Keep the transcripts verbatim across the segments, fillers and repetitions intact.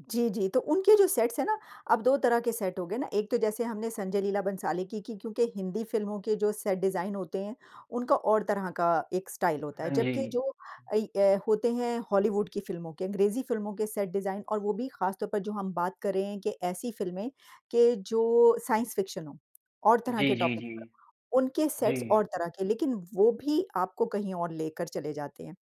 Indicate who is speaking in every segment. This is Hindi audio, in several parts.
Speaker 1: जी, जी। तो उनके जो सेट्स हैं ना, अब दो तरह के सेट हो गए ना। एक तो जैसे हमने संजय लीला भंसाली की की क्योंकि हिंदी फ़िल्मों के जो सेट डिज़ाइन होते हैं, उनका और तरह का एक स्टाइल होता
Speaker 2: हाँ
Speaker 1: है। जबकि
Speaker 2: जी।
Speaker 1: जो अ, ये होते हैं हॉलीवुड की फ़िल्मों के अँग्रेज़ी फ़िल्मों के सेट डिज़ाइन और वो भी ख़ासतौर पर जो हम बात कर रहे हैं कि ऐसी फ़िल्में के जो साइंस फ़िक्शन हो और तरह के
Speaker 2: जी, जी,
Speaker 1: टॉपिक
Speaker 2: जी।
Speaker 1: पर। उनके सेट्स
Speaker 2: जी।
Speaker 1: और तरह के। लेकिन वो भी आपको कहीं और लेकर चले जाते हैं।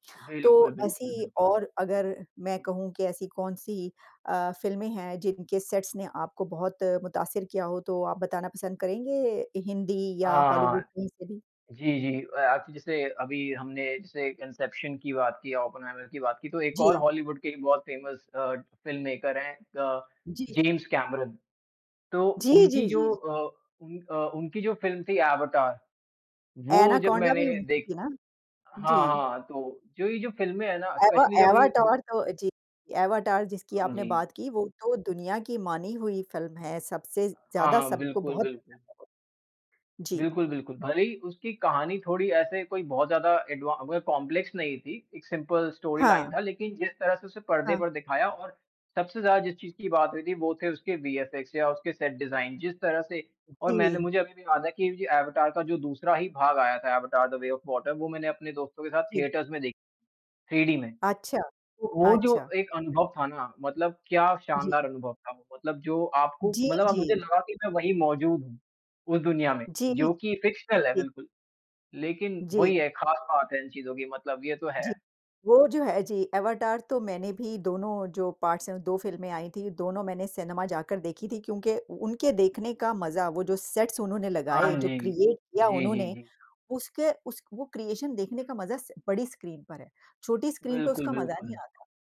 Speaker 1: तो
Speaker 2: बिल्कुल, बिल्कुल,
Speaker 1: ऐसी
Speaker 2: बिल्कुल।
Speaker 1: और अगर मैं कहूँ कि ऐसी कौन-सी अ, फ़िल्में हैं जिनके सेट्स ने आपको बहुत मुतासिर किया हो तो आप बताना पसंद करेंगे हिंदी या
Speaker 2: हाँ,
Speaker 1: हॉलीवुड
Speaker 2: हाँ।
Speaker 1: कहीं से भी।
Speaker 2: जी, जी। अ, आपने जैसे अभी हमने जैसे इंसेप्शन की बात की ओपेनहाइमर की बात की तो एक और
Speaker 1: जी।
Speaker 2: हॉलीवुड के बहुत फ़ेमस अ, फ़िल्ममेकर है अ,
Speaker 1: जी।
Speaker 2: James Cameron. तो
Speaker 1: जी,
Speaker 2: उनकी
Speaker 1: जी,
Speaker 2: जो
Speaker 1: जी।
Speaker 2: अ, उन अ उनकी जो फ़िल्म थी एवाटार वो जब
Speaker 1: एनाकोंडा
Speaker 2: मैंने
Speaker 1: भी उनकी
Speaker 2: देखी
Speaker 1: थी ना?
Speaker 2: हाँ,
Speaker 1: जी।
Speaker 2: हाँ। तो जो ये जो फ़िल्में है ना
Speaker 1: एवा
Speaker 2: स्पेशली जब ये हुँ।
Speaker 1: एवाटार तो जी। एवाटार जिसकी
Speaker 2: हाँ
Speaker 1: आपने
Speaker 2: जी।
Speaker 1: बात की वो तो दुनिया की मानी हुई फ़िल्म है। सबसे
Speaker 2: हाँ,
Speaker 1: ज़्यादा
Speaker 2: हाँ।
Speaker 1: सबको
Speaker 2: बिल्कुल,
Speaker 1: बहुत
Speaker 2: बिल्कुल।
Speaker 1: जी।
Speaker 2: बिल्कुल, बिल्कुल। भले ही उसकी कहानी थोड़ी ऐसे कोई बहुत ज़्यादा एडवां वो कॉम्प्लेक्स नहीं थी एक सिंपल स्टोरीलाइन
Speaker 1: हाँ।
Speaker 2: था। लेकिन जिस तरह से उसे पर्दे
Speaker 1: हाँ।
Speaker 2: पर दिखाया और सबसे ज़्यादा जिस चीज़ की बात हुई थी वो थे उसके वीएफएक्स या उसके सेट डिज़ाइन। जिस तरह से और मैंने
Speaker 1: जी।
Speaker 2: मुझे अभी भी याद है की एवाटार का जो दूसरा ही भाग आया था Avatar the way of water. वो मैंने अपने दोस्तों के साथ
Speaker 1: जी।
Speaker 2: थिएटर्स में देखी थ्री डी में।
Speaker 1: अच्छा,
Speaker 2: ओ वो जो
Speaker 1: अच्छा।
Speaker 2: एक अनुभव था ना मतलब क्या शानदार
Speaker 1: जी।
Speaker 2: अनुभव था। मतलब जो आपको
Speaker 1: जी,
Speaker 2: मतलब अब मुझे
Speaker 1: जी।
Speaker 2: लगा की मैं वही मौज़ूद हूँ, उस दुनिया में।
Speaker 1: जी।
Speaker 2: जो
Speaker 1: ठीक।
Speaker 2: की फ़िक्शनल है बिल्कुल। लेकिन
Speaker 1: जी।
Speaker 2: वही है ख़ास बात है इन चीज़ की मतलब ये तो
Speaker 1: जी।
Speaker 2: है।
Speaker 1: वो जो है। जी, एवाटार तो मैंने भी दोनों जो पार्ट्स हैं दो फ़िल्में आई थी। दोनों मैंने सिनेमा जाकर देखी थी क्योंकि उनके देखने का मज़ा वो जो सेट्स उन्होंने
Speaker 2: हाँ
Speaker 1: लगाए जो
Speaker 2: जी।
Speaker 1: क्रिएट किया
Speaker 2: जी, जी,
Speaker 1: उन्होंने
Speaker 2: जी।
Speaker 1: उसके उस वो क्रिएशन देखने का मज़ा स बड़ी स्क्रीन पर है। छोटी स्क्रीन पर
Speaker 2: बिल्कुल,
Speaker 1: उसका मज़ा नहीं
Speaker 2: बिल्कुल।
Speaker 1: आता।